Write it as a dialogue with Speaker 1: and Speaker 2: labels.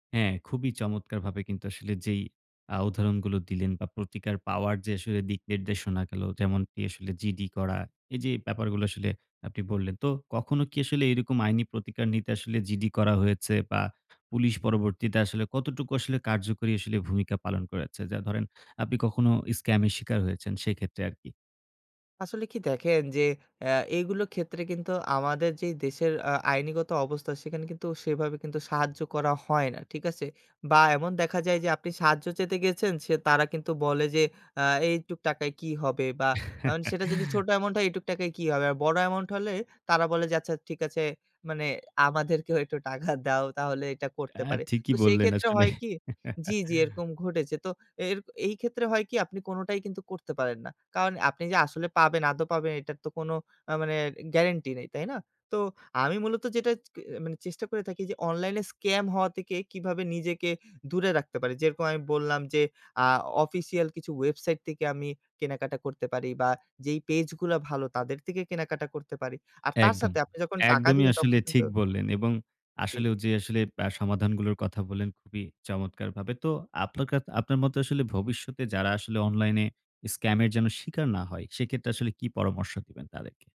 Speaker 1: হ্যাঁ, খুবই চমৎকারভাবে কিন্তু আসলে যেই আ উদাহরণগুলো দিলেন বা প্রতিকার পাওয়ার যে আসলে দিকনির্দেশনা গেলো যেমনকি আসলে GD করা। এই যে ব্যাপারগুলো আসলে আপনি বললেন, তো কখনো কি আসলে এরকম আইনি প্রতিকার নিতে আসলে GD করা হয়েছে? বা পুলিশ পরবর্তীতে আসলে কতটুকু আসলে কার্যকরী আসলে ভূমিকা পালন করেছে? যা ধরেন আপনি কখনো স্ক্যামের শিকার হয়েছেন সেক্ষেত্রে আরকি।
Speaker 2: আসলে কি দেখেন, যে আ এইগুলোর ক্ষেত্রে কিন্তু আমাদের যে দেশের আ আইনগত অবস্থা সেখানে কিন্তু সেভাবে কিন্তু সাহায্য করা হয় না। ঠিক আছে? বা এমন দেখা যায় যে আপনি সাহায্য চেতে গেছেন সে তারা কিন্তু বলে যে, আ "এইটুক টাকায় কি হবে?" বা আ সেটা যদি ছোট অ্যামাউন্ট হয়, "এইটুক টাকায় কি হবে?" আর বড় অ্যামাউন্ট হলে তারা বলে যে, "আচ্ছা, ঠিক আছে।" মানে আমাদেরকেও একটু টাকা দাও তাহলে এটা
Speaker 1: আ
Speaker 2: করতে পারে।
Speaker 1: ঠিকই
Speaker 2: তো সেই
Speaker 1: বললেন
Speaker 2: ক্ষেত্রে
Speaker 1: আসলে।
Speaker 2: হয় কি জি, জি ঘটেছে তো এ এই ক্ষেত্রে হয় কি আপনি কোনোটাই কিন্তু করতে পারেন না। কারণ আপনি যে আসলে পাবেন আদও পাবেন এটার তো কোনো আ মানে গ্যারান্টি নেই। তাই না? তো আমি মূলত যেটা ক আ মানে চেষ্টা করে থাকি যে অনলাইনে স্কাম হওয়া থেকে কিভাবে নিজেকে দূরে রাখতে পারি যেরকম আমি বললাম, যে আ অফিসিয়াল কিছু ওয়েবসাইট থেকে আমি কেনাকাটা করতে পারি বা যেই পেজ গুলা ভালো তাদের থেকে কেনাকাটা করতে পারি। আর তার
Speaker 1: একদম,
Speaker 2: সাথে আপনি যখন টাকা
Speaker 1: একদমই
Speaker 2: দিবেন তখন
Speaker 1: আসলে
Speaker 2: কিন্তু
Speaker 1: ঠিক বললেন। এবং
Speaker 2: জ্বি।
Speaker 1: আসলেও যে আসলে বা সমাধানগুলোর কথা বললেন খুবই চমৎকারভাবে। তো আপনার কা আপনার মতো আসলে ভবিষ্যতে যারা আসলে অনলাইনে স্ক্যামের যেন শিকার না হয়, সেক্ষেত্রে আসলে কি পরামর্শ দিবেন তাদেরকে?